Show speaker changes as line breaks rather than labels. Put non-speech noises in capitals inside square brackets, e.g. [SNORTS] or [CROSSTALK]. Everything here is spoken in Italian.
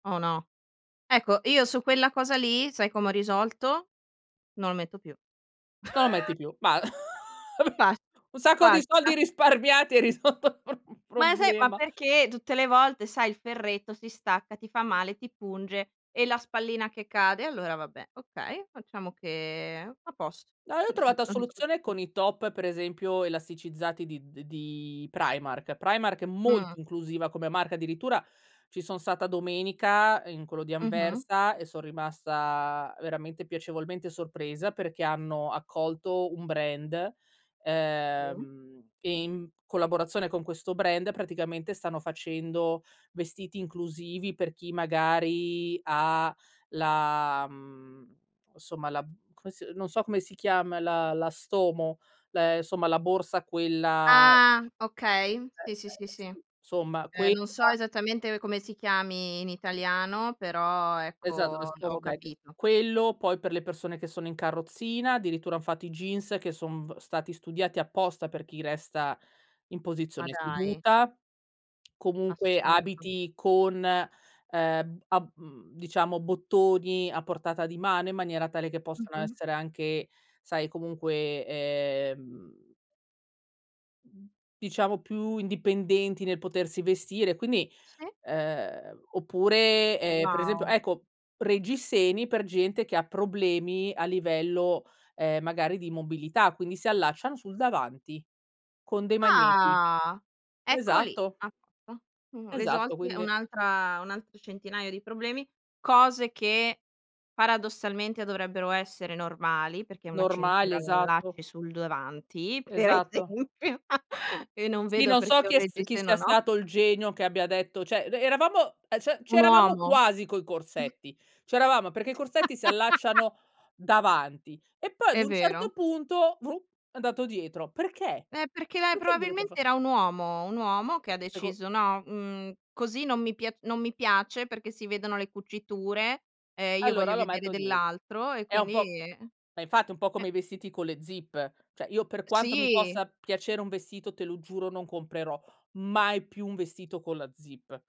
Oh no. Ecco, io su quella cosa lì sai come ho risolto: no a metto più.
Non lo
[CHUCKLES]
metti più. Ba [CHUCKLES]
Fat
Un sacco di
fatta.
soldi risparmiati e hai risolto il prob
Ma e sai ma
problema.
perché tutte le volte sai il ferretto si stacca, ti fa male, ti punge e la spallina che cade. Allora vabbè, okay, facciamo che a posto,
No, io ho
ho risol
trovata
ho risolto il
soluzione
pro
con i top per esempio elasticizzati di de di Primark. Primark è
Mh.
molto inclusiva come marca addirittura, ci son stata domenica in quello di
Mh-mh.
Anversa e so' rimasta veramente piacevolmente sorpresa, perché hanno accolto un brand,
Mh.
ehm, e in collaborazione con questo brand praticamente stanno facendo vestiti inclusivi per chi magari ha la mhmm, e somma la mhmm, come se non so come si chiama, la la Stomo, le insomma la borsa quella eh,
Ah!
eh,
Okay. Sì, sì, sì,
eh
sì.
sì, somma
Eh,
quella.
non so esattamente come si chiami in italiano però
Esatto, lo
ecco
Stoma
ho
Bag.
capito.
Quello poi per le persone che sono in carrozzina, addirittura han fatto i jeans che son v stati studiati apposta per chi resta in
Ma
posizione
dai!
seduta. Comunque
Assurdo.
abiti con, ehm, abb mhmm, diciamo bottoni a portata di mano in maniera tale che possano
Mh-mh.
essere anche, sai, comunque, ehm mhmm, diciamo più indipendenti nel potersi vestire, quindi
Sì.
uhm oppure, ehm, per esempio
Wow!
ecco reggiseni per gente che ha problemi a livello, ehm, magari di immobilità, quindi si allacciano sul davanti, con dei magneti.
Ah! Ecco lì!
Esatto.
A posto. Mhmm,
Esatto,
risolti è
quindi
un'altra un altro centinaio di problemi, cose che paradossalmente dovrebbero essere normali, perché una
Normali,
cintura la
esatto.
allacci sul davanti, per
Esatto.
esempio, [CHUCKLES] e non
Sì,
vedo
non so
perché un
chi è s chi
reggiseno,
sia
no.
stato il genio che abbia detto cioè re eravamo e cioè,
Un
c'eravamo
uomo.
quasi coi
[SNORTS]
corsetti, c'eravamo perché i corsetti si
[LAUGHS]
allacciano davanti, e poi ad
È
un certo
vero.
punto, vruh, è andato dietro. Perché?
Eh, perché lei
Perché dovete
probabilmente
fa
era un uomo, un uomo che ha
Seco
deciso: "No, mhmm, così non mi pia non mi piace perché si vedono le cuciture e io
Allora
voglio
lo
vedere
metto die
dell'altro", e
È un
quindi
po'
eh.
ma infatti, è un po'
Eh.
come i vestiti con le zip: cioè io per
Eh,
quanto mi
sì.
possa piacere un vestito te lo giuro non comprerò mai più un vestito con la zip.